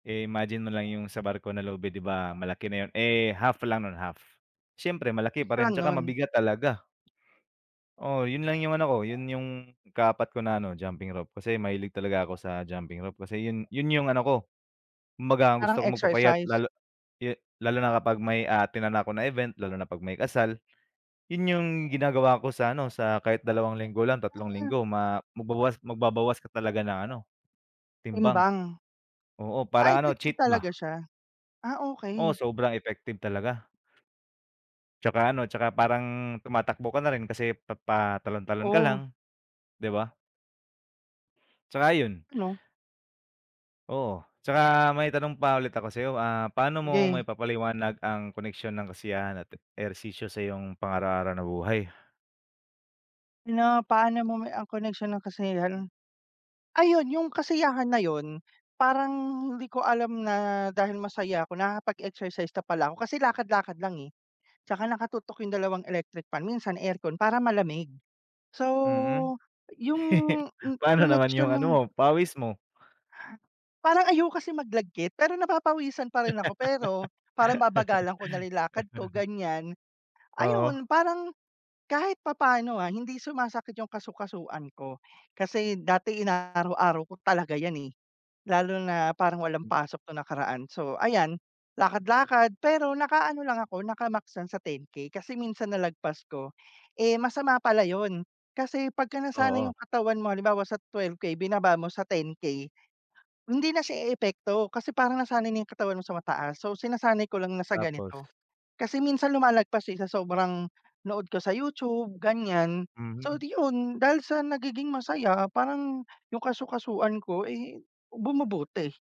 Imagine mo lang yung sa barko na lubid 'di ba malaki na yun eh, half lang no'n, half, siyempre malaki pa rin Palang 'tsaka 'non. mabigat talaga. Oo, yun lang yung ano ko, yun yung ika-4 ko na ano jumping rope kasi mahilig talaga ako sa jumping rope kasi yun yun yung ano ko, kumbaga ang Parang gusto ko magpapayat, exercise? lalo e lalo na kapag may a-attenan ako na event lalo na pag may kasal, yun yung ginagawa ko sa ano sa kahit 2 linggo lang, 3 linggo ma magbawas, magbabawas ka talaga ng ano, timbang. Timbang. Oo, Ah, para ano, effective cheat ba. talaga siya, ah, Oo, okey. sobrang effective talaga. 'Tsaka ano, 'tsaka parang tumatakbo ka na rin kasi pa patalon-talon ka Oh. lang. 'Di ba? 'Tsaka yun. Ano? Oo, 'tsaka may tanong pa ulit ako sa'yo ah, paano mo Sige. maipapaliwanag ang koneksyon ng kasiyahan at ehersisyo sa iyong pang-araw-araw na buhay? Pina paano mo ang koneksyon ng kasiyahan? Ayun yung kasiyahan na yun, parang hindi ko alam na dahil masaya ako nakakapag-exercise na pala ako kasi lakad-lakad lang eh. 'Tsaka naka-tutok yung 2 electric fan, minsan aircon para malamig. So, Mm. yung Pano naman yung connection ano nung mo, pawis mo? parang ayoko kasi mag-lagkit pero napapawisan pa rin ako pero, parang babagalan ko nalang lakad ko ganyan. Oo. Ayun, parang kahit papaano ah, hindi sumasakit yung kasu-kasuan ko, kasi dati ina-araw-araw ko talaga yan eh. Lalo na parang walang Hmm. pasok nung nakaraan, so ayan, lakad-lakad pero naka-ano lang ako, naka-max lang sa 10K kasi minsan nalagpas ko, eh, masama pala yun, kasi pagkanasanay Oo. yung katawan mo halimbawa sa 12K binaba mo sa 10K. Hindi na siya eepekto kasi parang nasanay na yung katawan mo sa mataas so sinasanay ko lang na sa Tapos. ganito. Kasi minsan lumalagpas din sa sobrang nood ko sa YouTube ganyan, so Mhm. iyon, dahil sa nagiging masaya parang, yung kasu-kasuan ko ay bumubuti.